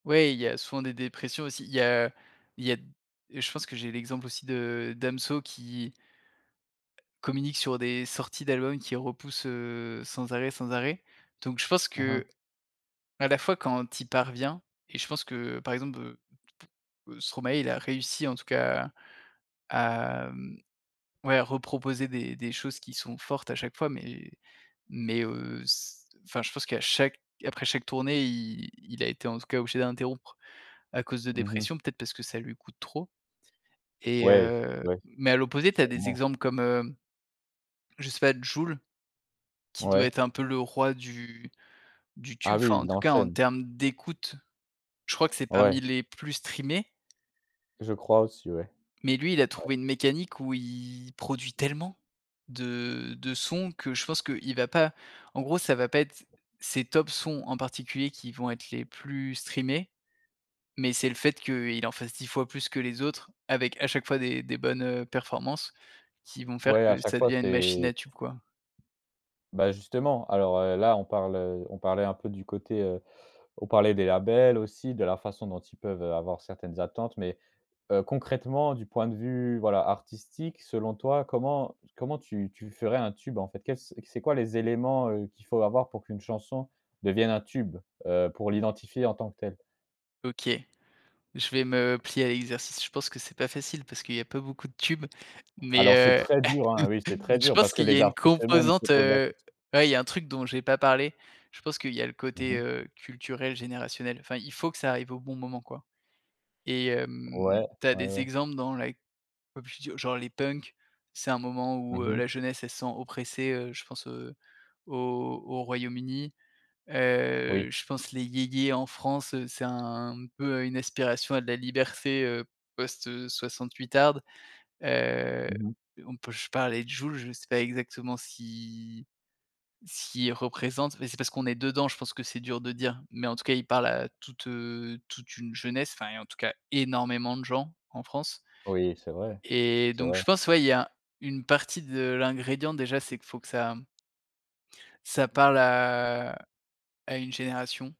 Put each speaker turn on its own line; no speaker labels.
Ouais. Il y a souvent des dépressions aussi. Il y a il y a d je pense que j'ai l'exemple aussi de Damso, qui communique sur des sorties d'albums, qui repousse, heu, sans arrêt, sans arrêt. Donc je pense qu'à
Aha.
la fois, quand il parvient et je pense que, par exemple, heu, t p heu, Stromae, il a réussi en tout cas à à, mmh, ouais, à reproposer des des choses qui sont fortes à chaque fois, mais mais, heu, c enfin je pense qu'à chaque après chaque tournée, i il a été en tout cas obligé d'interrompre à cause de
Mmh mh.
dépression, peut-être, parce que ça lui coûte trop. Et
Ouais s
heu,
ouais,
mais à l'opposé, tu as des
sûrement.
exemples comme, heu, je sais pas, Jul, qui doit
Ouais.
être un peu le roi du du
Ah
tube,
oui,
enfin en
il
tout cas, en
enchaîne.
termes d'écoute, je crois que c'est parmi
Ouais.
les plus streamés.
Je crois aussi, ouais.
Mais, lui, il a
Ouais.
trouvé une mécanique où il produit tellement de de sons que je pense qu'il va pas en gros, ça va pas être ses top sons en particulier, qui vont être les plus streamés mais c'est le fait qu'il en fasse 10 fois plus que les autres, avec à chaque fois des des bonnes, heu, performances, qui vont faire
Ouais, à
que
chaque
ça
fois
devient une machine
c'est
à tube, quoi.
bah, justement, alors, heu, là, on parle, heu, on parlait un peu du côté, heu, on parlait des labels aussi, de la façon dont ils peuvent, heu, avoir certaines attentes, mais, heu, concrètement du point de vue, voilà, artistique, selon toi, comment comment tu tu ferais un tube, en fait? Qu'est-ce c'est quoi les éléments, heu, qu'il faut avoir pour qu'une chanson devienne un tube, heu, pour l'identifier en tant que tel?
OK. Je vais me plier à l'exercice, je pense que c'est pas facile parce qu'il y a pas beaucoup de tubes,
Alors, c'est
mais,
très dur, hein,
heu,
oui, c'est très
je
dur
pense
parce que
qu'il y
les
a une
artistes eux-mêmes se
composante,
posent la
heu
quest
ouais, il y a un truc dont j'ai pas parlé, je pense qu'il y a le
Mmh
côté,
mh.
heu, culturel, générationnel. Enfin, il faut que ça arrive au bon moment, quoi. Et hem,
Ouais.
tu as
Ouais,
des
ouais.
exemples dans la c pop culture, genre les punks, c'est un moment où,
Mmh
heu,
mh.
la jeunesse, elle se sent oppressée, heu, je pense, heu, au au Royaume-Uni.
Oui.
Heu, je pense les yéyés en France, c'est un peu une aspiration à de la liberté, heu, post, heu, soixante-huitarde. Heu,
Mmh mh.
on peut je parlais de Jul, je sais pas exactement si s'il représente mais c'est parce qu'on est dedans, je pense que c'est dur de dire, mais en tout cas, il parle à toute, heu, toute une jeunesse enfin, en tout cas énormément de gens en France
Oui, c'est vrai.
et
C'est
donc,
vrai.
je pense, ouais, il y a une partie de l'ingrédient déjà, c'est qu'il faut que ça mmh ça parle à à une génération.